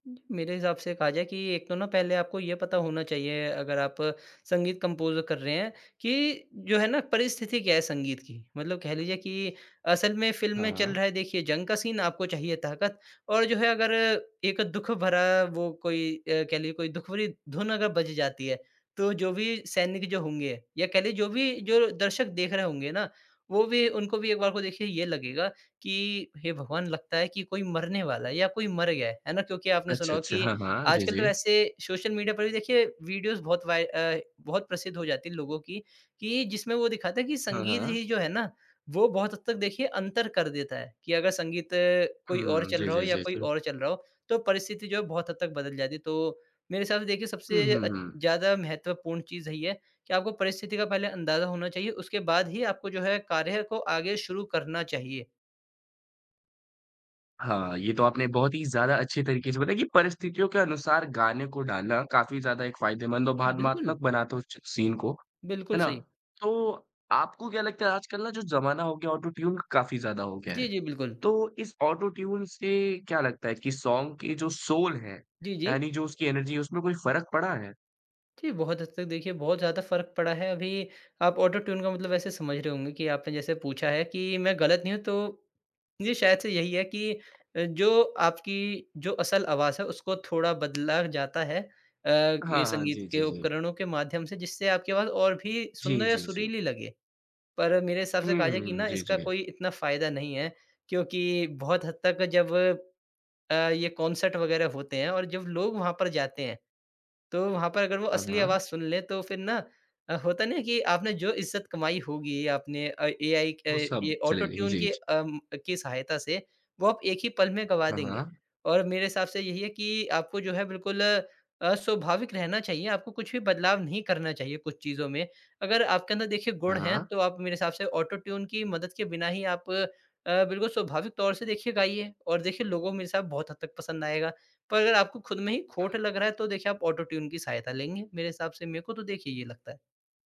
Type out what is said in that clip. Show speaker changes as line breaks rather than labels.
मेरे हिसाब से कहा जाए कि एक तो ना पहले आपको ये पता होना चाहिए अगर आप संगीत कंपोज़ कर रहे हैं कि जो है ना, परिस्थिति क्या है संगीत की, मतलब कह लीजिए कि असल में फ़िल्म
हाँ,
में चल
हाँ।
रहा है देखिए जंग का सीन, आपको चाहिए ताकत और जो है अगर, एक दुःख भरा वो कोई अ, कह लीजिए कोई दुःख भरी धुन अगर बज जाती है, तो जो भी सैनिक जो होंगे या कह लीजिए जो भी जो दर्शक देख रहे होंगे ना, वो भी उनको भी एक बार को देखिए ये लगेगा कि हे भगवान! लगता है कि कोई मरने वाला है या कोई मर गया है, है ना? क्योंकि आपने सुना
अच्छा,
होगा
अच्छा।
कि
हाँ, हाँ। जी,
आजकल तो
जी।
वैसे सोशल मीडिया पर भी देखिए वीडियोज़ बहुत वाय अ, बहुत प्रसिद्ध हो जाती है लोगों की, कि जिसमें वो दिखाते हैं कि
हाँ,
संगीत
हाँ।
ही जो है ना वो बहुत हद तक देखिए अंतर कर देता है, कि अगर संगीत कोई और
हुँ।
चल
जी,
रहा हो
जी,
या
जी,
कोई
जी।
और चल रहा हो तो परिस्थिति जो है बहुत हद तक बदल जाती है। तो मेरे हिसाब से देखिए
हुँ,
सबसे
हुँ,
अ,
हुँ।
ज़्यादा महत्वपूर्ण चीज़ यही है कि आपको परिस्थिति का पहले अंदाज़ा होना चाहिए, उसके बाद ही आपको जो है कार्य को आगे शुरू करना चाहिए।
हाँ, ये तो आपने बहुत ही ज़्यादा अच्छे तरीके से बताया कि परिस्थितियों के अनुसार गाने को डालना काफ़ी ज़्यादा एक फ़ायदेमंद और भावात्मक
बिल्कुल।
बनाता च सीन को, है
बिल्कुल
ना?
सही।
तो आपको क्या लगता है आजकल ना जो ज़माना हो गया ऑटो-ट्यून काफ़ी ज़्यादा हो गया
जी,
है।
जी, बिल्कुल।
तो इस ऑटो-ट्यून से क्या लगता है कि सॉन्ग के जो सोल है,
जी,
यानी
जी।
जो उसकी एनर्जी है, उसमें कोई फ़र्क पड़ा है?
जी, बहुत हद तक देखिए बहुत ज़्यादा फ़र्क पड़ा है, अभी आप ऑटो-ट्यून का मतलब वैसे समझ रहे होंगे कि आपने जैसे पूछा है कि मैं गलत नहीं हूँ तो जी, शायद से यही है कि अ, जो आपकी जो असल आवाज है उसको थोड़ा बदला जाता है अ, ये
हाँ, हाँ।
संगीत
जी,
के
जी, जी।
उपकरणों के माध्यम से जिससे आपकी आवाज और भी
जी,
सुंदर या
जी, जी।
सुरीली लगे। पर मेरे हिसाब से
हुँ,
कहा जाए कि
हुँ।
ना
जी,
इसका
जी।
कोई इतना फ़ायदा नहीं है, क्योंकि बहुत हद तक जब अ, ये कॉन्सर्ट वग़ैरह होते हैं और जब लोग वहाँ पर जाते हैं, तो वहाँ पर अगर वो
हाँ,
असली आवाज
हाँ।
सुन लें तो फिर ना अ, होता नहीं कि आपने जो इज्जत कमाई होगी आपने अ, एआई
वो
क
सब
ये
चले जाएगी।
ऑटो-ट्यून
जी,
की
जी।
अम, की सहायता से वो आप एक ही पल में गँवा
हाँ,
देंगे।
हाँ।
और मेरे हिसाब से यही है कि आपको जो है बिल्कुल अ, स्वाभाविक रहना चाहिए, आपको कुछ भी बदलाव नहीं करना चाहिए कुछ चीज़ों में। अगर आपके अंदर देखिए
हाँ,
गुण हैं,
हाँ।
तो आप मेरे हिसाब से ऑटो-ट्यून की मदद के बिना ही आप अ, बिल्कुल स्वाभाविक तौर से देखिए गाइए और देखिए लोगों मेरे हिसाब बहुत हद तक पसंद आएगा। पर अगर आपको खुद में ही
हाँ,
खोट
हाँ।
लग रहा है, तो देखिए आप ऑटो-ट्यून की सहायता लेंगे, मेरे हिसाब से, मेरे को तो देखिए ये लगता है।